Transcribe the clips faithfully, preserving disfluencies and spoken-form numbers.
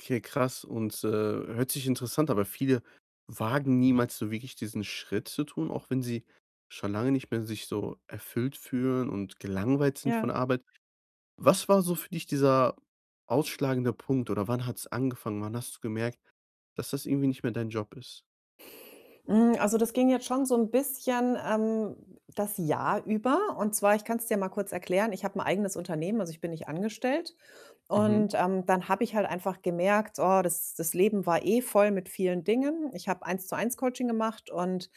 Okay, krass und, äh, hört sich interessant aber viele wagen niemals so wirklich diesen Schritt zu tun, auch wenn sie schon lange nicht mehr sich so erfüllt fühlen und gelangweilt sind von Ja. der Arbeit. Was war so für dich dieser ausschlagende Punkt oder wann hat's angefangen? Wann hast du gemerkt, dass das irgendwie nicht mehr dein Job ist? Hm, also, das ging jetzt schon so 'n bisschen, ähm, das Jahr über. Und zwar ich kann's dir ja mal kurz erklären, ich habe 'n eigenes Unternehmen, also, ich bin nicht angestellt. Und, Mhm. ähm, dann habe ich halt einfach gemerkt, oh, das das Leben war eh voll mit vielen Dingen. Ich habe Eins-zu-eins Coaching gemacht und,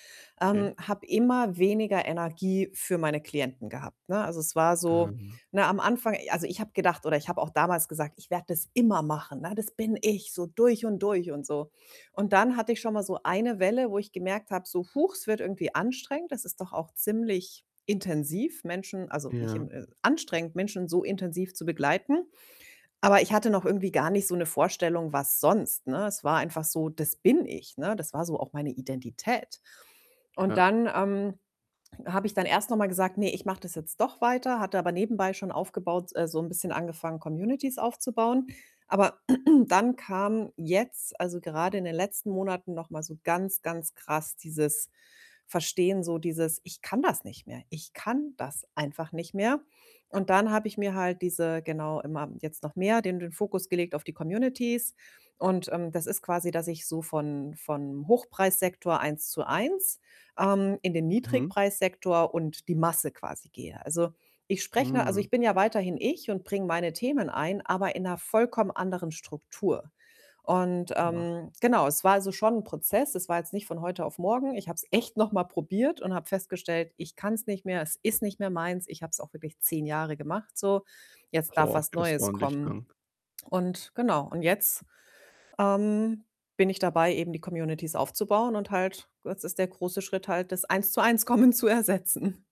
Okay. ähm, habe immer weniger Energie für meine Klienten gehabt, ne? Also, es war so, Ähm ne am Anfang also, ich habe gedacht oder ich habe auch damals gesagt: „Ich werde das immer machen.“, ne? „Das bin ich, so durch und durch.“, und so. Und dann hatte ich schon mal so eine Welle, wo ich gemerkt habe, so: „Huch, es wird irgendwie anstrengend. Das ist doch auch ziemlich intensiv, Menschen also, nicht Ja. in, äh anstrengend, Menschen so intensiv zu begleiten.“ Aber ich hatte noch irgendwie gar nicht so 'ne Vorstellung, was sonst, ne? Es war einfach so, „das bin ich“, ne? Das war so auch meine Identität. Und Ja. dann, ähm, habe ich dann erst noch mal gesagt: „Ne, ich mache das jetzt doch weiter.“, hatte aber nebenbei schon aufgebaut äh, so 'n bisschen angefangen, Communities aufzubauen. Aber dann kam jetzt, also, grade in den letzten Monaten noch mal so ganz, ganz krass dieses Verstehen, so dieses: „Ich kann das nicht mehr. Ich kann das einfach nicht mehr.“ Und dann habe ich mir halt diese genau immer jetzt noch mehr den den Fokus gelegt auf die Communities. Und, ähm, das ist quasi, dass ich so von von Hochpreissektor Eins-zu-eins, ähm, in den Mhm. Niedrigpreissektor und die Masse quasi gehe. Also, ich spreche 'ne also, Hm. ich bin ja weiterhin ich und bringe meine Themen ein, aber in 'ner vollkommen anderen Struktur. Und, [unintelligible] ähm, genau, es war also schon 'n Prozess. Es war jetzt nicht von heute auf morgen. Ich habe es echt noch mal probiert und habe festgestellt, ich kann's nicht mehr. Es ist nicht mehr meins. Ich hab's auch wirklich zehn Jahre gemacht so. Boah, Jetzt darf [unintelligible] was das ist Neues ordentlich kommen. dann. Und genau, und jetzt, ähm, bin ich dabei, eben die Communities aufzubauen und halt das ist der große Schritt halt, das Eins-zu-Eins-Kommen zu ersetzen.